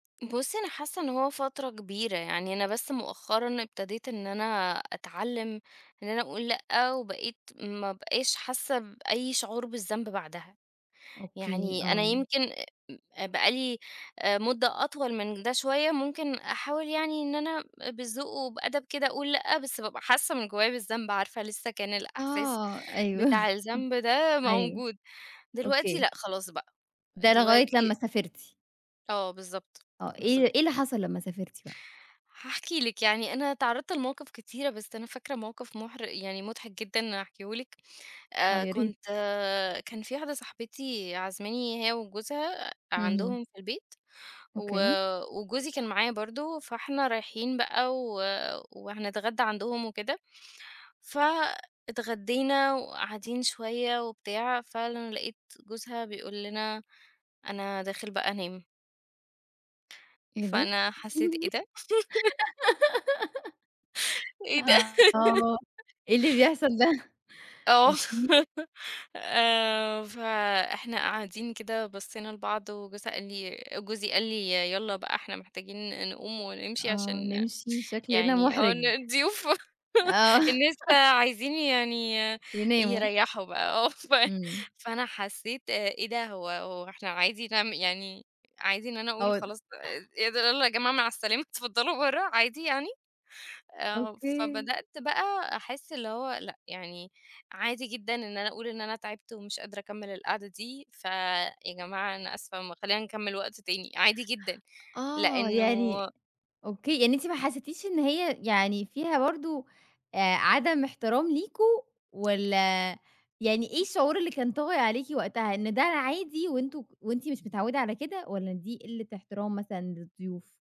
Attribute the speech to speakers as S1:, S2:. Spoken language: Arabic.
S1: بصي أنا حاسّة إن هو فترة كبيرة يعني. أنا بس مؤخرًا ابتديت إن أنا أتعلّم إن أنا أقول لأ، وبقيت ما أبقاش حاسّة بأي شعور بالذنب بعدها.
S2: أوكي،
S1: يعني أنا
S2: آه.
S1: يمْكِن آآ م بقى لي مدة أطول من ده شويّة ممكن أحاول يعني إن أنا بالذوق وبأدب كده أقول لأ، بس بابقى حاسّة من جوايّا بالذنب، عارفة لسّه كان الإحساس
S2: آه. أيوه،
S1: بتاع الذنب ده
S2: أيوه
S1: موجود. دلوقتي
S2: أوكي.
S1: لأ، خلاص بقى.
S2: ده لغاية لمّا
S1: دلوقتي
S2: سافرتِ.
S1: آه، بالضبط،
S2: آه إيه إيه
S1: بالضبط.
S2: اللي حصَلْ لمّا سافرتِ بقى؟
S1: هاحكي لِك يعني أنا اتعرْضت لمواقف كتيرة بس أنا فاكرة موقف محر يعني مضحك جدًا هاحكيهولِك.
S2: آه،
S1: آآ،
S2: يا ريت.
S1: كنت كان في واحدة صاحبتي عازماني هي وجوزها
S2: اهم.
S1: عندهم في البيت و
S2: أوكي.
S1: وجوزي كان معايا برضو، فإحنا رايحين بقى و وهنتغدى عندهم وكده. فاتغدينا وقاعدين شويّة وبتاع، فعلًا لَقيت جوزها بيقول لنا: "أنا داخل بقى أنام."
S2: إيه ده!
S1: فأنا حسيت إيه ده! إيه ده!
S2: آه، إيه اللي بيحصَل ده! أوكي.
S1: أ آه، آآ، فإحنا قاعدين كده بصّينا لبعض، وجوزها قال لي وجوزي قال لي: "يالّا بقى إحنا محتاجين نقوم ونمشي
S2: آه،
S1: عشان
S2: نمْشي، شكْلنا
S1: يعني آه،
S2: مُحرج.
S1: إن الضيوف،
S2: آه.
S1: الناس عايزين يعني
S2: يناموا.
S1: يريّحوا بقى." آه ف
S2: إمم.
S1: فأنا حسّيت آآ، إيه ده! هو هو إحنا عادي نع يعني عادي إن أنا
S2: هو
S1: أقول
S2: د
S1: خلاص، إيه ده، يالّا يا جماعة مع السلامة، اتفضلوا برّا، عادي يعني؟ آه،
S2: أوكي.
S1: فبدأت بقى أحس اللي هو لأ، يعني عادي جدًا إن أنا أقول إن أنا تعبت ومش قادرة أكمّل القعدة دي. فيا جماعة أنا آسفة، خلّينا نكمّل وقت تاني، عادي جدًا.
S2: آه يعني
S1: لإنه
S2: أوكي، يعني أنتِ ما حسيتيش إن هي يعني فيها برضو آآ عدم احترام ليكوا، والّا يعني إيه
S1: [unintelligible]
S2: الشعور اللي كان طاغي عليكِ وقتها؟ إن ده عادي وأنتم وأنتِ مش متعودة على كده والّا دي قِلة احترام مثلًا للضيوف؟